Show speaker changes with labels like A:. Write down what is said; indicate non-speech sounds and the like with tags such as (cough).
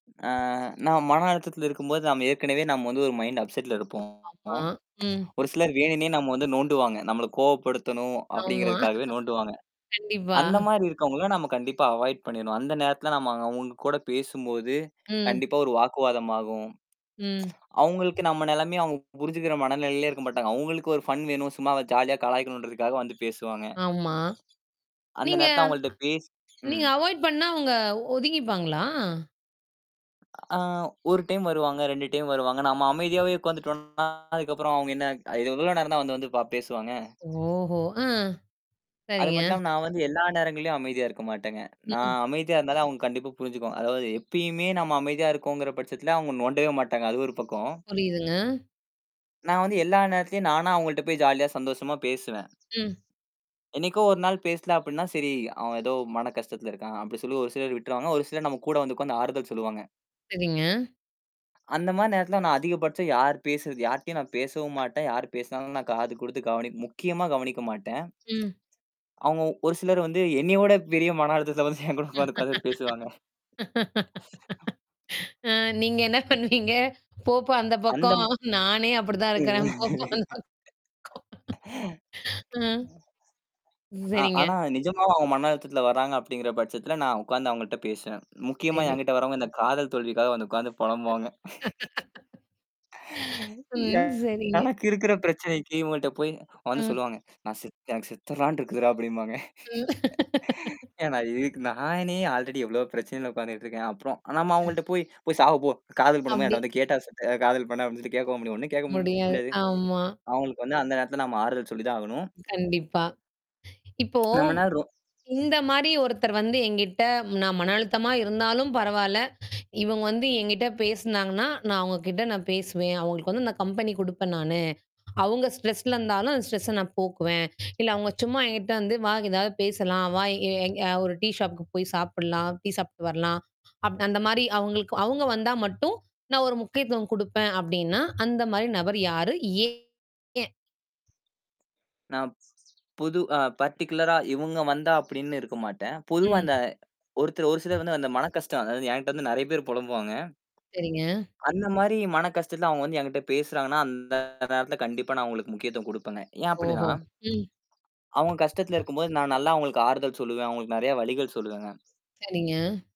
A: ஆ, நான் மன அழுத்தத்துல இருக்கும்போது நம்ம ஏற்கனவே நாம வந்து ஒரு மைண்ட் அப்செட்ல இருப்போம்
B: ஆமா. ம்.
A: ஒரு சிலர் வேணும்னே நம்ம வந்து நோண்டுவாங்க. நம்மள கோபப்படுத்தணும்
B: ஆமா. (laughs)
A: அப்டிங்கறதுக்காகவே நோண்டுவாங்க
B: கண்டிப்பா.
A: அந்த மாரி இருக்கவங்கள நாம கண்டிப்பா அவாய்ட் பண்ணிர்ணும். அந்த நேரத்துல நாம அவங்க கூடப் பேசும்போது
B: ம்.
A: கண்டிப்பா ஒரு வாக்குவாதம் ஆகும்.
B: ம்.
A: (tsk) அவுங்களுக்கு நம்ம நெலமைய அவங்க புரிஞ்சுக்கிற மன நிலயிலே இருக்க மாட்டாங்க. அவுங்களுக்கு ஒரு ஃப்ன் வேணும். சும்மா ஜாலியா கலாய்க்கனும்ன்றதுக்காக வந்து பேசுவாங்க (laughs)
B: ஆமா.
A: அந்த
B: நீங்க
A: நேரத்துல அவங்கள்ட்ட பேசு
B: நீங்க
A: ம்.
B: அவாய்ட் பண்ணா அவங்க ஒதுங்கிப்பாங்களா?
A: ஆ 1 டைம் வருவாங்க. 2 டைம் வருவாங்க. நம்ம அமைதியாவே உட்கார்ந்துட்டோன்னா அதுக்கப்புறம் அவங்க என்ன, அ இது எவ்ளோ நேரம்தான் வந்து வந்து பா பேசுவாங்க.
B: ஓஹோ! ஆ சரிங்க.
A: அதுமட்டுமல்லாம நான் வந்து எல்லா நேரங்கள்லயும் அமைதியா இருக்க மாட்டேங்க. நான்
B: ம்.
A: அமைதியா இருந்தாலும் அவுங்க கண்டிப்பா புரிஞ்சுக்குவாங்க. அதாவது எப்பயுமே நம்ம அமைதியா இருக்கோங்கிற பட்சத்துல அவுங்க நோண்டவே மாட்டாங்க. அது ஒரு பக்கம்
B: புரியுதுங்க.
A: நான் வந்து எல்லா நேரத்துலயும் நானா அவங்கள்ட்ட போய் ஜாலியா சந்தோஷமா பேசுவேன்.
B: ம்.
A: என்னைக்கோ ஒரு நாள் பேசல அப்டின்னா சரி, அவன் ஏதோ மன கஷ்டத்துல இருக்கான் அப்டி ஒரு சிலர் விட்ருவாங்க. ஒரு சிலர் நம்ம கூட வந்து உட்கார்ந்து ஆறுதல் சொல்லுவாங்க.
B: சரிங்க.
A: அந்த மாரி நேரத்துல நான் அதிகபட்சம் யார் பேசுறது, யார்ட்டயும் நான் பேசவும் மாட்டேன். யாரு பேசனாலும் நான் காது குடுத்து கவனி முக்கியமா கவனிக்க மாட்டேன்.
B: ம்.
A: அவங்க ஒரு சிலர் வந்து என்னைய விடப் பெரிய மன அழுத்தத்துல வந்து என்கிட்ட வந்து உட்கார்ந்து பேசுவாங்க.
B: (laughs) ஆ நீங்க என்ன பண்ணுவீங்க? "போப்பா அந்தப் பக்கம்"
A: அந்தம்
B: நானே அப்டித்தான் இருக்கேன். "போப்பா அந்தப் பக்கம்" ஆ,
A: (laughs) ஆ,
B: சரிங்க
A: ஆனா நிஜமாவும் அவங்க மன அழுத்தத்துல வர்றாங்க அப்டிங்குற பட்சத்துல, நான் உட்கார்ந்து அவங்கள்ட்ட பேசுவேன். முக்கியமா
B: சரி.
A: என்கிட்ட வர்றவங்க இந்தக் காதல் தோல்விக்காக வந்து உட்கார்ந்து பொலம்புவாங்க (laughs)
B: (laughs)
A: எ
B: ம், சரிங்க.
A: எனக்கு இருக்குற பிரச்சனைக்கு இவங்கள்ட்ட போய் வந்து
B: அ.
A: சொல்லுவாங்க. நான் செத் எனக்குச் செத்துரலாம்னு இருக்குதுடா அப்டிம்பாங்க.
B: ம்.
A: (laughs)
B: (laughs)
A: ஏனா, இதுக்கு நானே அல்ரெடி எவ்ளோ பிரச்சனையில உட்கார்ந்துட்டுருக்கேன். அப்புறம் நம்ம
B: அ.
A: அவங்கள்ட்ட போய் போ சாவு போ. காதல் பண்ணும் போது என்ட்ட
B: அப்டி.
A: வந்து கேட்டா செஞ்ச காதல் பண்ண, அப்டினுட்டு கேட்கவும் முடியாது. ஒண்ணும் கேட்கவும்
B: முடியாது.
A: முடியாது.
B: ஆமா.
A: அவங்களுக்கு வந்து அந்த நேரத்துல நம்ம ஆறுதல் சொல்லிதான் ஆகணும்.
B: கண்டிப்பா. இப்போ
A: நம்மன்ன றோ
B: இந்த மாரி ஒருத்தர் வந்து என்கிட்ட நான் மனஅழுத்தமா இருந்தாலும் பரவால. இவங்க வந்து என்கிட்ட பேசினாங்கன்னா, நான் அவங்ககிட்ட நான் பேசுவேன். அவங்களுக்கு நான் கம்பெனி குடுப்பேன் நானு. அவங்க ஸ்ட்ரெஸ்ல இருந்தாலும் அந்த ஸ்ட்ரெஸ்ஸ நான் போக்குவேன். இல்ல, அவங்க சும்மா என்கிட்ட வந்து "வா ஏதாவது பேசலாம், வா எ எங் அ ஒரு டீ ஷாப்க்கு போய் சாப்பிடலாம், டீ சாப்பிட்டு வரலாம்" அப் அந்த மாரி அவங்களுக்கு அவங்க வந்தா மட்டும் நான் ஒரு முக்கியத்துவம் குடுப்பேன் அப்டின்னா, அந்த மாரி நபர் யாரு? ஏன் எய
A: நான் புது அ பர்டிகுலரா இவுங்க வந்தா அப்டின்னு இருக்க மாட்டேன். பொதுவா
B: ம்.
A: இந்த ஒருத்தர் ஒரு சிலர் வந்து அந்த மனக்கஷ்டம், அதாவது என்ட்ட வந்து நெறைய பேரு பொலம்புவாங்க.
B: சரிங்க.
A: அந்த மாரி மனக்கஷ்டத்துல அவங்க வந்து என்க்கிட்ட பேசுறாங்கன்னா அந்த நேரத்துல கண்டிப்பா நான் அவங்களுக்கு முக்கியத்துவம் குடுப்பேங்க. ஏன்
B: ஓஹோ.
A: அப்டின்னா?
B: ம்.
A: அவுங்க கஷ்டத்துல
B: அ,
A: இருக்கும்போது நான் நல்லா அவுங்களுக்கு ஆறுதல் சொல்லுவேன். அவுங்களுக்கு நெறைய வழிகள் சொல்லுவேங்க.
B: சரிங்க.